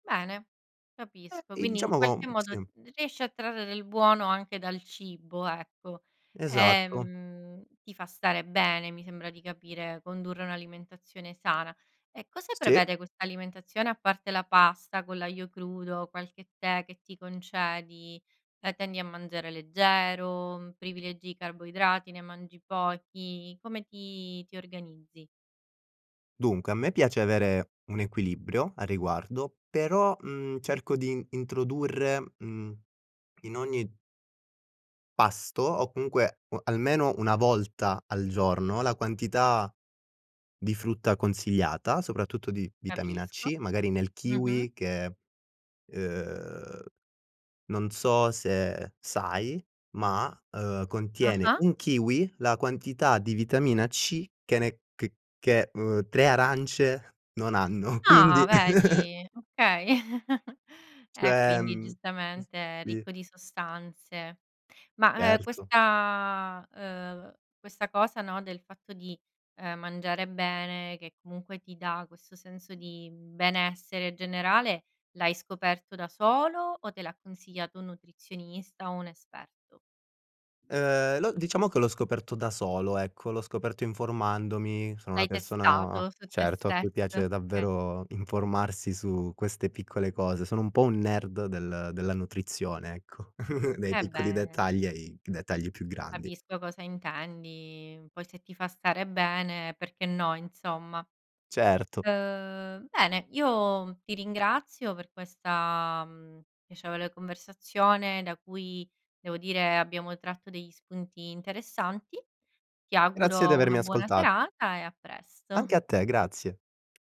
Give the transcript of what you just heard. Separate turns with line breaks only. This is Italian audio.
Bene,
Eh,
capisco.
e
Quindi, in
diciamo
qualche
con
modo,
sì.
r riesci a trarre del buono anche dal cibo, ecco.
Esatto.
Ehm, ti fa stare bene, mi sembra di capire, condurre un'alimentazione sana. E cosa
Sì.
prevede quest'alimentazione, a parte la pasta con l'aglio crudo, qualche tè che ti concedi? La tendi a mangiare leggero, privilegi i carboidrati, ne mangi pochi? Come ti ti organizzi?
Dunque, a me piace avere un equilibrio a riguardo, però, mhmm, cerco din introdurre, mhmm, in ogni pasto, o comunque o almeno 1 volta al giorno, la quantità di frutta consigliata, soprattutto di vitamina
Capisco.
C, magari nel
Mh-mh.
kiwi, che, uhm, non so se sai, ma, uhm, contiene
Ah-ah.
1 kiwi, la quantità di vitamina C, che ne che che uhm, 3 arance non hanno. Quindi
Ah, vedi, okay. E
Cioè,
quindi,
mhmm s
giustamente, è
sì
ricco di sostanze. Ma, ehm,
Certo.
questa uhm, questa cosa, no, del fatto di, ehm, mangiare bene, che comunque ti dà questo senso di benessere generale, l'hai scoperto da solo, o te l'ha consigliato un nutrizionista, o un esperto?
Ehm, l'ho diciamo che l'ho scoperto da solo, ecco. L'ho scoperto informandomi. Sono una
L'hai
persona,
testato, su te
certo, a cui
stesso?
piace
Okay.
davvero, informarsi su queste piccole cose. Sono un po' un nerd, del della nutrizione, ecco. Nei
Eh
piccoli
beh
dettagli, ai dettagli più grandi.
Capisco cosa intendi. Poi, se ti fa stare bene, perché no, insomma.
Certo.
Uhm, bene, io ti ringrazio, per questa, mhmm, piacevole conversazione da cui, devo dire, abbiamo tratto degli spunti interessanti. Ti
Grazie di
auguro una
avermi
buona
ascolta
serata, e a
Anche
presto.
a te, grazie.